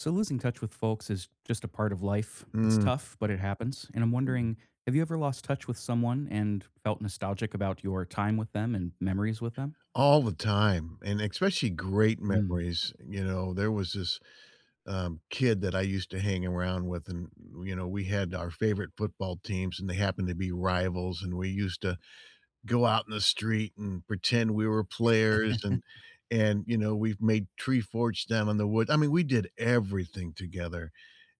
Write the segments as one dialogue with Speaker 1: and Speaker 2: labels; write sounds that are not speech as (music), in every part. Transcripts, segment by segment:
Speaker 1: So losing touch with folks is just a part of life, it's
Speaker 2: Mm.
Speaker 1: tough, but it happens, and I'm wondering, have you ever lost touch with someone and felt nostalgic about your time with them and memories with them?
Speaker 2: All the time, and especially great
Speaker 1: Mm.
Speaker 2: memories, you know? There was this, um, kid that I used to hang around with and, you know, we had our favorite football teams and they happened to be rivals, and we used to go out in the street and pretend we were players and
Speaker 1: (chuckles)
Speaker 2: and, you know, we've made tree forts down in the wood I mean, we did everything together,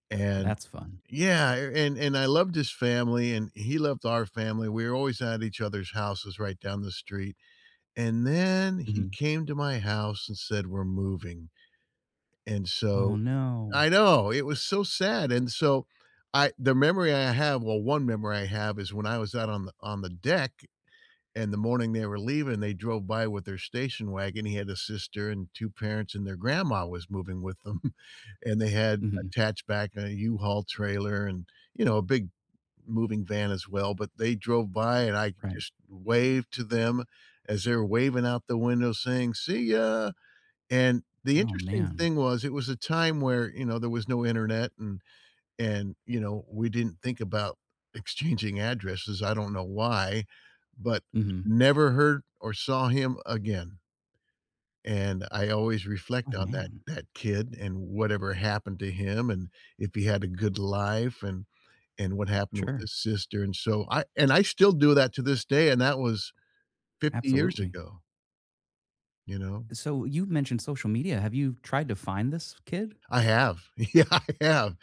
Speaker 2: and
Speaker 1: That's fun.
Speaker 2: Yeah, a and and I loved his family, and he loved our family, we were always at each other's houses right down the street, and then he
Speaker 1: Mhm.
Speaker 2: came to my house and said, "We're moving," and
Speaker 1: Oh
Speaker 2: so
Speaker 1: no.
Speaker 2: I know, it was so sad, and so, I the memory I have, well, one memory I have is when I was out on the on the deck, and the morning they were leaving, they drove by with their station wagon, he had a sister and two parents, and their grandma was moving with them, (chuckles) and they had
Speaker 1: Mhm.
Speaker 2: attached back an U-Haul trailer and, you know, a big moving van as well, but they drove by and I
Speaker 1: Right.
Speaker 2: just waved to them as they were waving out the window saying, "See ya!" And the
Speaker 1: Oh
Speaker 2: interesting
Speaker 1: man.
Speaker 2: thing was, it was a time where, you know, there was no internet and and, you know, we didn't think about exchanging addresses, I don't know why, but
Speaker 1: Mhm.
Speaker 2: never heard or saw him again. And I always
Speaker 1: Oh
Speaker 2: reflect on that
Speaker 1: man.
Speaker 2: that kid and whatever happened to him and if he had a good life and and what happened with
Speaker 1: Sure.
Speaker 2: his sister, and so, I and I still do that to this day, and that was 50 years
Speaker 1: Absolutely.
Speaker 2: ago. You know?
Speaker 1: So, you've mentioned social media, have you tried to find this kid?
Speaker 2: I have. Yeah, I have,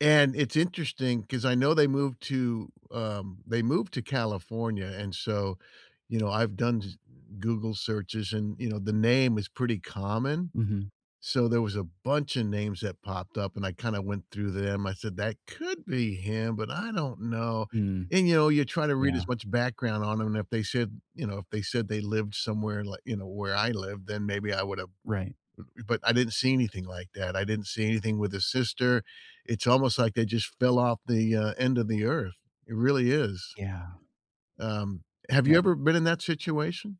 Speaker 2: and it's interesting 'cause I know they moved to um, they moved to California, and so, you know, I've done j Google searches and, you know, the name is pretty common,
Speaker 1: Mhm.
Speaker 2: so there was a bunch o' names that popped up and I kinda went through them. I said, "That could be him, but I don't know,"
Speaker 1: Mm.
Speaker 2: and, you know, you try to read as
Speaker 1: Yeah.
Speaker 2: much background on 'em, and if they said you know, if they said they lived somewhere li you know, where I lived, then maybe I would've eh
Speaker 1: Right.
Speaker 2: eh, but I didn't see anything like that, I didn't see anything with his sister. It's almost like they just fell off the, uh, end of the Earth. It really is.
Speaker 1: Yeah.
Speaker 2: Um, have you
Speaker 1: Yup.
Speaker 2: ever been in that situation?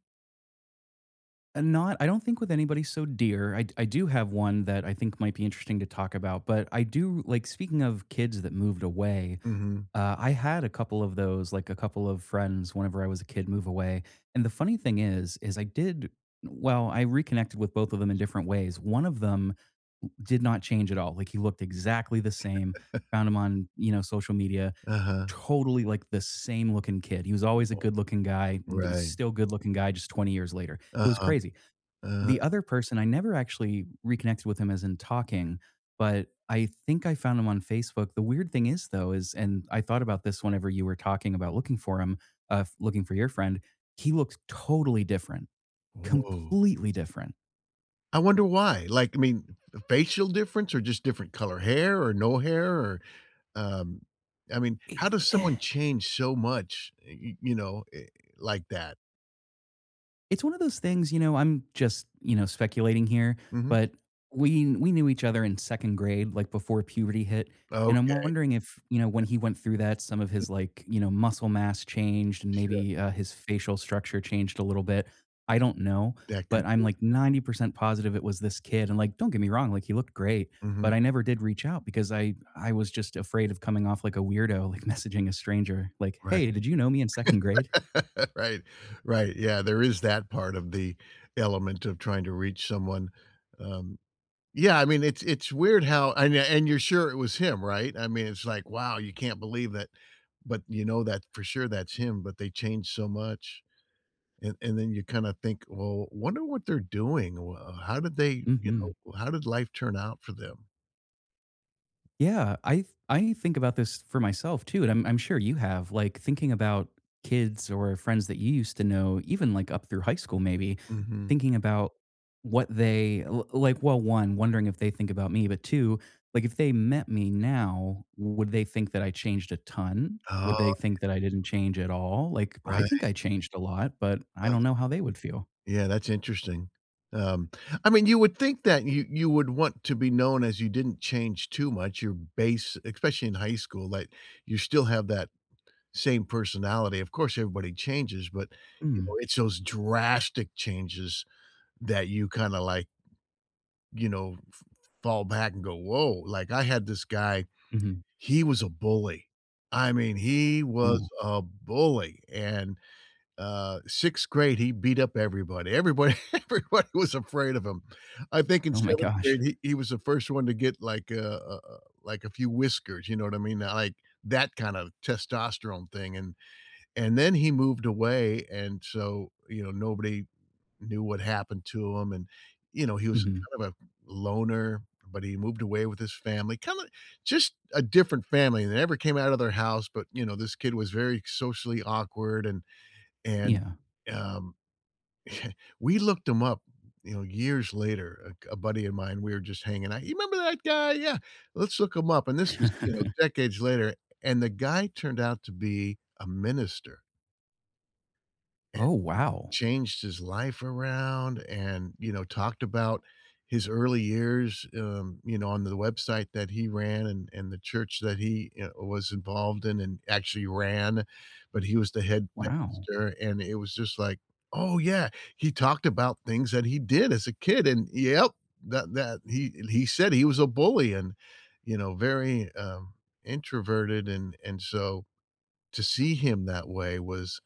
Speaker 1: Eh, not I don't think with anybody so dear, I d I do have one that I think might be interesting to talk about, but I do like, speaking of kids that moved away,
Speaker 2: Mhm.
Speaker 1: uh, I had a couple of those like, a couple of friends whenever I was a kid move away, and the funny thing is, is I did well, I reconnected with both of them in different ways, one of them w did not change at all. Like, he looked exactly the same,
Speaker 2: (chuckles)
Speaker 1: found him on, you know, social media,
Speaker 2: Uh-huh.
Speaker 1: totally, like, the same looking kid. He was always a
Speaker 2: Woah.
Speaker 1: good looking guy, and he's
Speaker 2: Right.
Speaker 1: still good looking guy just 20 years later, it was
Speaker 2: Uh-huh.
Speaker 1: crazy. The
Speaker 2: Uh-huh.
Speaker 1: other person, I never actually reconnected with him as in talking, but I think I found him on Facebook. The weird thing is though is and I thought about this whenever you were talking about looking for him, uh, f looking for your friend, he looked totally different,
Speaker 2: Woah.
Speaker 1: completely different.
Speaker 2: I wonder why? Like, I mean, f facial difference, or just different color hair, or no hair, or um, I mean, how
Speaker 1: Eh
Speaker 2: does
Speaker 1: eh
Speaker 2: someone change so much, eh, y you know, eh, like that?
Speaker 1: It's one of those things, you know, I'm just, you know, speculating here,
Speaker 2: Mhm.
Speaker 1: but we we knew each other in 2nd grade, like, before puberty hit, and I'm
Speaker 2: Okay.
Speaker 1: wondering if, you know, when he went through that, some of
Speaker 2: N
Speaker 1: his, like, you know, muscle mass changed and
Speaker 2: Sure.
Speaker 1: maybe, uh, his facial structure changed a little bit. I don't know,
Speaker 2: That could
Speaker 1: but I'm,
Speaker 2: be.
Speaker 1: like, 90% positive it was this kid, and, like, don't get me wrong, like, he looked great, but
Speaker 2: Mhm.
Speaker 1: I never did reach out because I I was just afraid of coming off like a weirdo, like, messaging a stranger. Like,
Speaker 2: Right.
Speaker 1: "Hey, did you know me in 2nd grade?"
Speaker 2: (laughs) Right. Right, yeah. There is that part of the element of trying to reach someone, um yeah, I mean, it's it's weird how and and you're sure it was him, right? I mean, it's like, wow, you can't believe it, but you know that for sure that's him, but they changed so much. And and then you kinda think, "Well, wonder what they're doing, wha how did they," you
Speaker 1: Mhm.
Speaker 2: know, "how did life turn out for them?"
Speaker 1: Yeah. I th I think about this for myself too, and I'm I'm sure you have, like, thinking about kids or friends that you used to know, even, like, up through high school maybe,
Speaker 2: Mhm.
Speaker 1: thinking about what they l like, well, 1, wondering if they think about me, but 2, like, if they met me now, would they think that I changed a ton?
Speaker 2: Oh,
Speaker 1: Would they
Speaker 2: yeah.
Speaker 1: think that I didn't change at all? Like, I think
Speaker 2: Right.
Speaker 1: I changed a lot, but I
Speaker 2: Uh-huh.
Speaker 1: don't know how they would feel.
Speaker 2: Yeah, that's interesting. Um, I mean, you would think that you you would want to be known as you didn't change too much. Your base especially in high school, like, you still have that same personality. Of course, everybody changes, but, you know,
Speaker 1: Mm.
Speaker 2: it's those drastic changes that you kinda like you know, f fall back and go, "Woah." Like, I had this guy,
Speaker 1: Mhm.
Speaker 2: he was a bully. I mean, he was
Speaker 1: Ooh.
Speaker 2: a bully. And, uh, 6th grade, he beat up everybody. Everybody everybody was afraid of him. I think in
Speaker 1: Oh my
Speaker 2: 7th grade,
Speaker 1: gosh.
Speaker 2: he he was the first one to get, like, a, uh uh like, a few whiskers, you know what I mean? Not like that kind of testosterone thing, and and then he moved away, and so, you know, nobody knew what happened to him, and, you know, he was
Speaker 1: Mhm.
Speaker 2: kind of a loner, but he moved away with his family. Kinda just a different family, they never came out of their house, but, you know, this kid was very socially awkward, and and,
Speaker 1: Yeah.
Speaker 2: um, (chuckles) we looked him up, you know, years later. A g a buddy of mine, we were just hanging out, "You remember that guy?" "Yeah, let's look him up." This was, you know,
Speaker 1: (chuckles)
Speaker 2: decades later, and the guy turned out to be a minister. It
Speaker 1: Oh, wow.
Speaker 2: changed his life around, and, you know, talked about his early years, um, you know, on the website that he ran and and the church that he, you know, was involved in, and actually ran, but he was the head
Speaker 1: Wow.
Speaker 2: pastor, and it was just like, oh, yeah, he talked about things that he did as a kid and yep. That that he and he said he was a bully and, you know, very, um, introverted, and and so, to see him that way was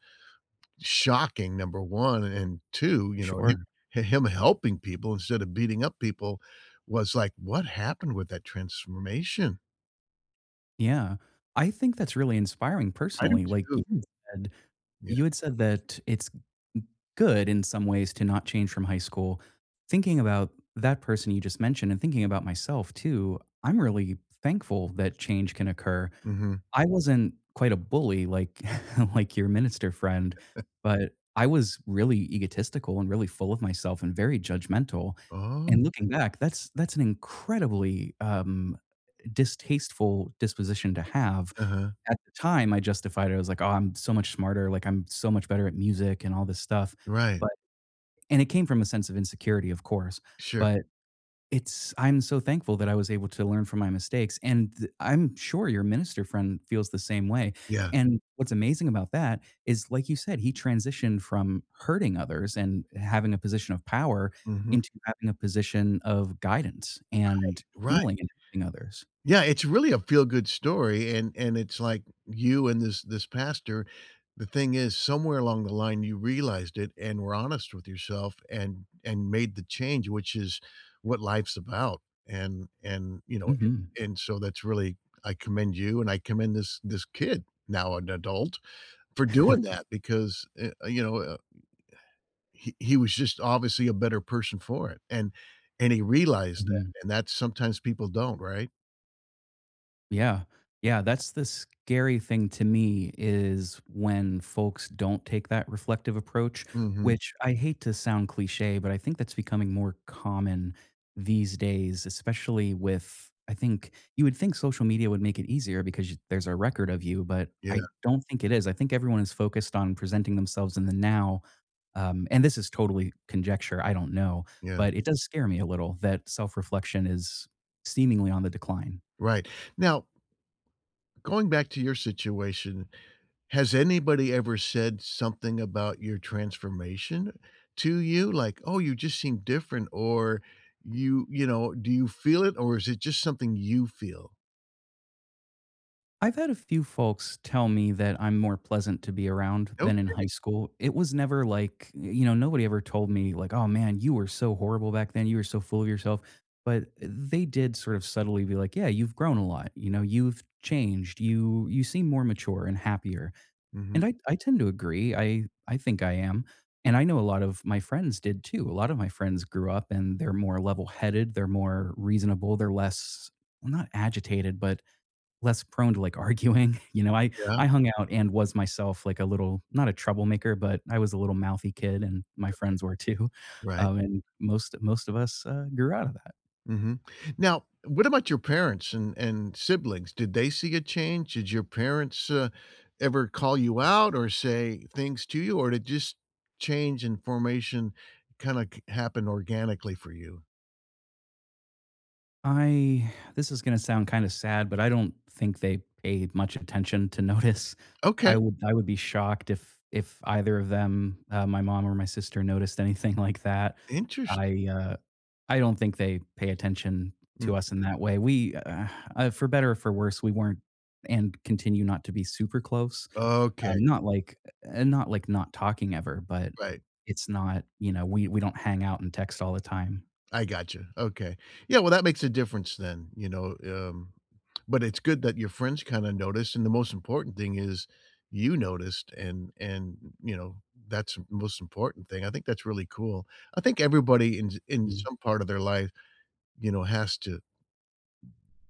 Speaker 2: shocking, number 1, and 2, you know, him
Speaker 1: Sure.
Speaker 2: h him helping people instead of beating up people was like, "What happened with that transformation?"
Speaker 1: Yeah. I think that's really inspiring,
Speaker 2: I do,
Speaker 1: personally, like, you
Speaker 2: too.
Speaker 1: had said
Speaker 2: Yeah.
Speaker 1: you had said that it's g good in some ways to not change from high school. Thinking about that person you just mentioned, and thinking about myself too, I'm really thankful that change can occur.
Speaker 2: Mhm.
Speaker 1: I wasn't quite a bully like, (chuckles) like your minister friend,
Speaker 2: (chuckles)
Speaker 1: but I was really egotistical, and really full of myself, and very judgmental.
Speaker 2: Oh.
Speaker 1: And looking back, that's that's an incredibly, um, distasteful disposition to have.
Speaker 2: Uh-huh.
Speaker 1: At the time, I justified it, I was like, "Oh, I'm so much smarter, like, I'm so much better at music, and all this stuff,"
Speaker 2: Right.
Speaker 1: but- and it came from a sense of insecurity, of course-
Speaker 2: Sure.
Speaker 1: but it's I'm so thankful that I was able to learn from my mistakes, and the I'm sure your minister friend feels the same way.
Speaker 2: Yeah.
Speaker 1: And, what's amazing about that is, like you said, he transitioned from hurting others, and having a position of power,
Speaker 2: Mhm.
Speaker 1: into having a position of guidance and
Speaker 2: Right. Right.
Speaker 1: healing and helping others.
Speaker 2: Yeah, it's really a feel-good story, and and it's like you and this this pastor, the thing is somewhere along the line you realized it and were honest with yourself and and made the change, which is what life's about. And and, you know,
Speaker 1: Mhm.
Speaker 2: and and so that's really I commend you and I commend this this kid, now an adult, for doing
Speaker 1: (chuckles)
Speaker 2: that because, uh uh you know a a he he was just obviously a better person for it. And and he realized
Speaker 1: Mhm.
Speaker 2: that, and that sometimes people don't, right?
Speaker 1: Yeah. Yeah. That's the scary thing to me, is when folks don't take that reflective approach,
Speaker 2: Mhm.
Speaker 1: which I hate to sound cliché, but I think that's becoming more common these days, especially with, I think you would think social media would make it easier because you there's a record of you, but I
Speaker 2: Yeah.
Speaker 1: don't think it is. I think everyone is focused on presenting themselves in the now, um, and this is totally conjecture, I don't know,
Speaker 2: Yeah.
Speaker 1: but it does scare me a little that self-reflection is seemingly on the decline.
Speaker 2: Right. Now going back to your situation, has anybody ever said something about your transformation to you? Like, "Oh, you just seem different," or you you know, do you feel it, or is it just something you feel?
Speaker 1: I've had a few folks tell me that I'm more pleasant to be around, than in high
Speaker 2: Okay.
Speaker 1: school. It was never like, y you know, nobody ever told me, like, "Oh, man, you were so horrible back then, you were so full of yourself." But they did sort of subtly be like, "Yeah, you've grown a lot," you know, "You've changed, you you seem more mature, and happier."
Speaker 2: Mhm.
Speaker 1: And I I tend to agree, I I think I am. And I know a lot of my friends did, too. A lot of my friends grew up, and they're more level-headed, they're more reasonable, they're less well, not agitated, but less prone to, like, arguing. You know, I
Speaker 2: Yeah.
Speaker 1: I hung out, and was myself like a little not a troublemaker, but I was a little mouthy kid, and my
Speaker 2: Okay.
Speaker 1: friends were, too.
Speaker 2: Right.
Speaker 1: Um, and most most of us, uh, grew out of that.
Speaker 2: Mhm. Now what about your parents and and siblings? Did they see a change? Did your parents, uh, ever call you out or say things to you, or they just change in formation kinda c happen organically for you?
Speaker 1: I (sighs) this is gonna sound kinda sad, but, I don't think they paid much attention to notice.
Speaker 2: Okay.
Speaker 1: I wo I would be shocked if if either of them, uh, my mom or my sister, noticed anything like that.
Speaker 2: Interesti
Speaker 1: I, uh I don't think they pay attention
Speaker 2: Mm.
Speaker 1: to us in that way. We, (sighs) uh, for better or for worse, we weren't, and continue not to be super close.
Speaker 2: Okay.
Speaker 1: Um, not like e eh, not like not talking ever, but
Speaker 2: Right.
Speaker 1: it's not, you know we we don't hang out and text all the time.
Speaker 2: I gotcha. Okay. Yeah, well, that makes a difference then, you know? Um. (clicks tongue) But it's good that your friends kinda noticed, and the most important thing is you noticed, and and, you know, that's the most important thing, I think that's really cool. I think everybody in in
Speaker 1: Mm.
Speaker 2: some part of their life, you know, has to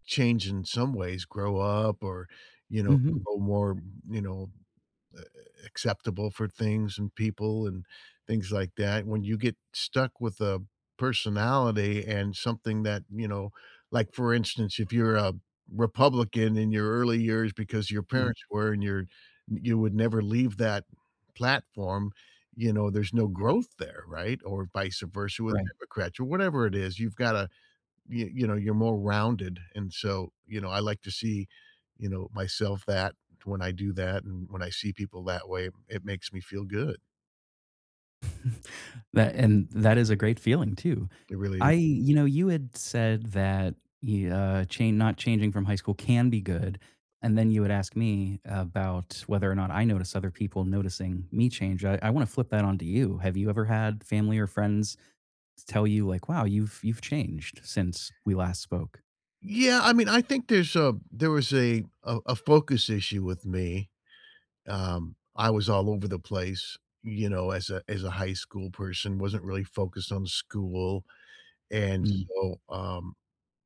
Speaker 2: change in some ways, grow up, or, you know,
Speaker 1: Mhm.
Speaker 2: grow more, you know, a a acceptable for things and people and things like that. When you get stuck with a personality and something that, you know Like, for instance, if you're a Republican in your early years because your
Speaker 1: Mhm.
Speaker 2: parents were and you're y you would never leave that platform, you know, there's no
Speaker 1: Yeah.
Speaker 2: growth there, right? Or vice versa with
Speaker 1: Right.
Speaker 2: Democrats or whatever it is. You've gotta, you you know, you're more rounded. And so, you know, I like to see, you know, myself that when I do that and when I see people that way, it makes me feel good.
Speaker 1: (chuckles) That and that is a great feeling too.
Speaker 2: It really
Speaker 1: I
Speaker 2: is.
Speaker 1: you know, you had said that y uh, chan not changing from high school can be good, and then you would ask me about whether or not I notice other people noticing me change, I I wanna flip that onto you, have you ever had family or friends t tell you, like, "Wow, you've you've changed since we last spoke?"
Speaker 2: Yeah, I mean, I think there's a there was a a a focus issue with me, um, I was all over the place, you know, as a as a high school person, wasn't really focused on school, and
Speaker 1: Mm.
Speaker 2: so, um,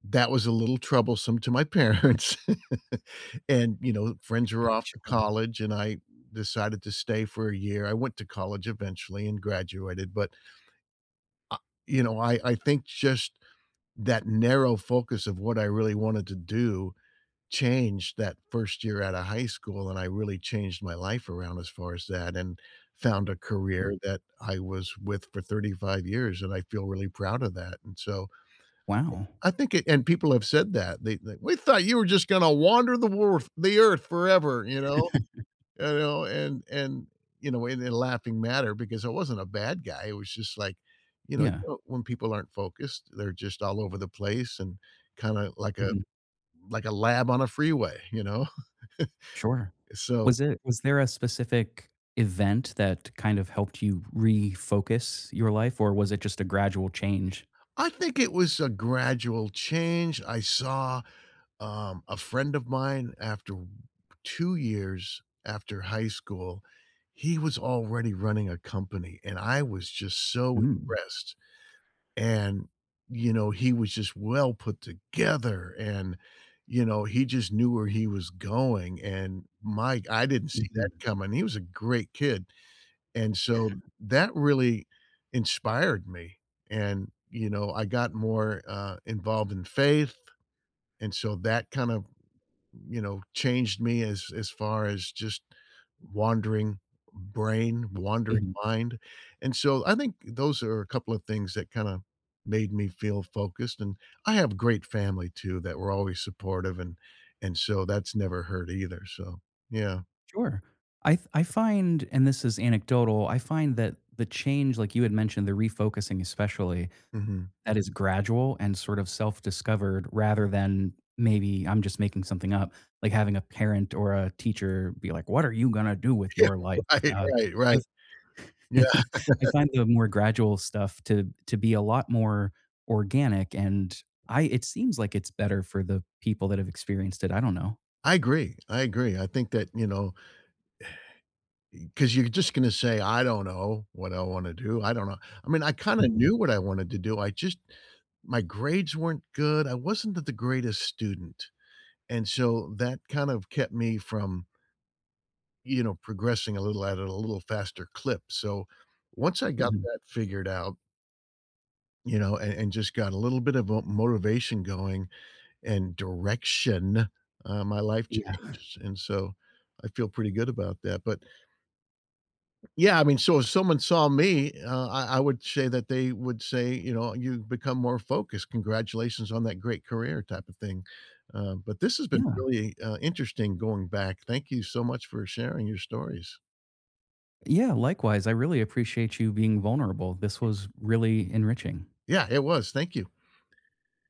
Speaker 2: that was a little troublesome to my parents, (chuckles) and, you know, with friends were
Speaker 1: (chuckles)
Speaker 2: off to
Speaker 1: Sure.
Speaker 2: college and I decided to stay for a year, I went to college eventually and graduated, but Ah you know, I I think just that narrow focus of what I really wanted to do changed that first year outta high school and I really changed my life around as far as that and found a career
Speaker 1: Mm.
Speaker 2: that I was with for 35 years and I feel really proud of that, and so
Speaker 1: Wow.
Speaker 2: I think it and people have said that, they like, "We thought you were just gonna wander the world the Earth forever, you know?"
Speaker 1: (chuckles)
Speaker 2: You know? And and, you know, in a way, they laughing matter because I wasn't a bad guy, it was just like, you know,
Speaker 1: Yeah.
Speaker 2: uh, um, when people aren't focused, they're just all over the place and kinda like a
Speaker 1: Mhm.
Speaker 2: like a lab on a freeway, you know?
Speaker 1: Sure.
Speaker 2: (chuckles) Eh, so
Speaker 1: Was it was there a specific event that kind of helped you refocus your life? Or was it just a gradual change?
Speaker 2: I think it was a gradual change, I saw, um, a friend of mine after w 2 years after high school, he was already running a company, and I was just so
Speaker 1: Mm.
Speaker 2: impressed, and, you know, he was just well put together and, you know, he just knew where he was going, and my g I didn't see that
Speaker 1: Mhm.
Speaker 2: coming, he was a great kid, and so,
Speaker 1: (chuckles)
Speaker 2: that really inspired me, and, you know, I got more, uh, involved in faith, and so that kind of, you know, changed me as as far as just wandering brain, wandering
Speaker 1: Mhm.
Speaker 2: mind, and so, I think, those are a couple of things that kinda made me feel focused and I have great family too that were always supportive and and so that's never hurt either, so yeah.
Speaker 1: Sure. I f I find and this is anecdotal, I find that the change, like you had mentioned, the refocusing, especially,
Speaker 2: Mhm.
Speaker 1: that is gradual and sort of self-discovered rather than, maybe I'm just making something up, like having a parent or a teacher be like, "What are you gonna do with
Speaker 2: Yeah,
Speaker 1: your life?"
Speaker 2: right,
Speaker 1: Uh,
Speaker 2: right, right.
Speaker 1: I've
Speaker 2: Yeah.
Speaker 1: (chuckles) I
Speaker 2: (chuckles)
Speaker 1: find the more gradual stuff to to be a lot more organic, and I it seems like it's better for the people that have experienced it, I don't know.
Speaker 2: I agree, I agree, I think that, you know, eh eh, 'cause you're just gonna say, "I don't know what I wanna do, I don't know," I mean, I kinda
Speaker 1: Mhm.
Speaker 2: knew what I wanted to do, I just my grades weren't good, I wasn't the the greatest student, and so that kind of kept me from you know, progressing a little at a little faster clip, so, once I got
Speaker 1: Mhm.
Speaker 2: that figured out you know, a and just got a little bit of vo motivation going and direction, uh my life
Speaker 1: Yeah.
Speaker 2: changed, and so, I feel pretty good about that, but Yeah, I mean, so if someone saw me, uh, I I would say that they would say, you know, "You've become more focused, congratulations on that great career," type of thing, uh, but this has been
Speaker 1: Yeah.
Speaker 2: really, uh, interesting going back, thank you so much for sharing your stories.
Speaker 1: Yeah, likewise, I really appreciate you being vulnerable, this
Speaker 2: E
Speaker 1: was really enriching.
Speaker 2: Yeah, it was, thank you.